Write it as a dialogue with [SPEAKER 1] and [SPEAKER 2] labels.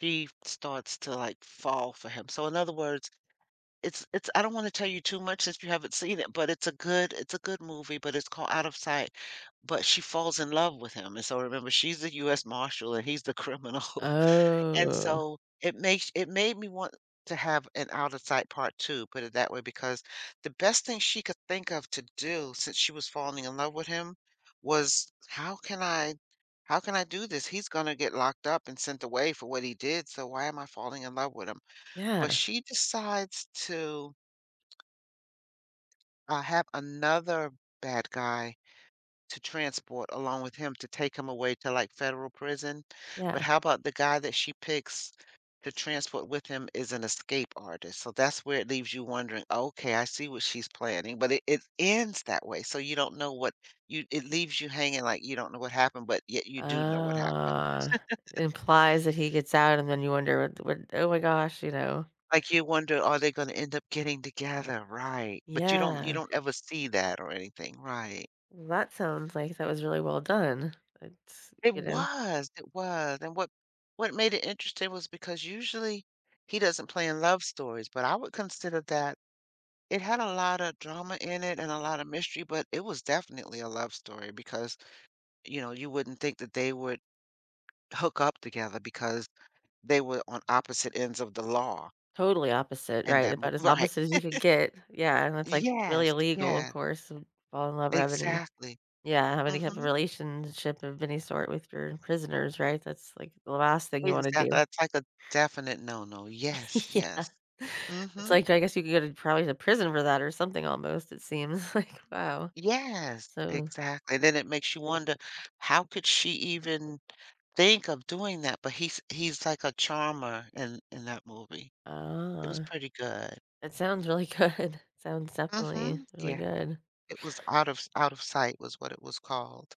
[SPEAKER 1] He starts to, like, fall for him. So in other words, it's it's I don't wanna tell you too much since you haven't seen it, but it's a good it's a good movie, but it's called Out of Sight. But she falls in love with him, and so, remember, she's the US marshal, and he's the criminal. And
[SPEAKER 2] Oh.
[SPEAKER 1] so, it makes it made me want to have an Out of Sight part 2, put it that way, because the best thing she could think of to do, since she was falling in love with him, was, "How can I how can I do this? He's gonna get locked up and sent away for what he did, so why am I falling in love with him?" But
[SPEAKER 2] Yeah.
[SPEAKER 1] she decides to uh, have another bad guy to transport along with him to take him away to, like, federal prison. But
[SPEAKER 2] Yeah.
[SPEAKER 1] how about the guy that she picks to transport with him is an escape artist? So that's where it leaves you wondering, "Okay. I see what she's planning." But it it ends that way, so you don't know what you it leaves you hanging like you don't know what happened, but yet you do know what happened.
[SPEAKER 2] Oh. It implies that he gets out, and then you wonder, "What what th oh my gosh," you know?
[SPEAKER 1] Like you wonder, "Are they gonna end up getting together?" Right. But you don't you
[SPEAKER 2] Yeah.
[SPEAKER 1] don't ever see that or anything. Right.
[SPEAKER 2] That sounds like that was really well done. It's
[SPEAKER 1] It
[SPEAKER 2] you know?
[SPEAKER 1] was! It was, and what what made it interesting was because, usually, he doesn't play in love stories, but I would consider that it had a lotta drama in it and a lotta mystery, but it was definitely a love story because, you know, you wouldn't think that they would hook up together because they were on opposite ends of the law.
[SPEAKER 2] Totally opposite,
[SPEAKER 1] And
[SPEAKER 2] right?
[SPEAKER 1] that mo
[SPEAKER 2] About as
[SPEAKER 1] right.
[SPEAKER 2] opposite as you could get. Yeah. And it's, like, really
[SPEAKER 1] Yes.
[SPEAKER 2] illegal, of
[SPEAKER 1] Yeah.
[SPEAKER 2] course, and fall in love with any
[SPEAKER 1] Exactly.
[SPEAKER 2] yeah. Have any type of
[SPEAKER 1] Mhm.
[SPEAKER 2] relationship of any sort with your prisoners, right? That's, like, the last thing you wanna
[SPEAKER 1] Exactly.
[SPEAKER 2] do.
[SPEAKER 1] It's like a definite "No-no." Yes.
[SPEAKER 2] Yeah.
[SPEAKER 1] Yes.
[SPEAKER 2] It's
[SPEAKER 1] Mhm.
[SPEAKER 2] like, I guess you could go to probably the prison for that or something almost, it seems like. Wow,
[SPEAKER 1] Yes.
[SPEAKER 2] so.
[SPEAKER 1] Exactly. Then it makes you wonder, "How could she even think of doing that?" But he's he's like a charmer in in that movie. It was
[SPEAKER 2] Oh,
[SPEAKER 1] pretty good.
[SPEAKER 2] it sounds really good. Sounds definitely
[SPEAKER 1] Mhm.
[SPEAKER 2] really
[SPEAKER 1] Yeah.
[SPEAKER 2] good.
[SPEAKER 1] It was Out of Out of Sight was what it was called.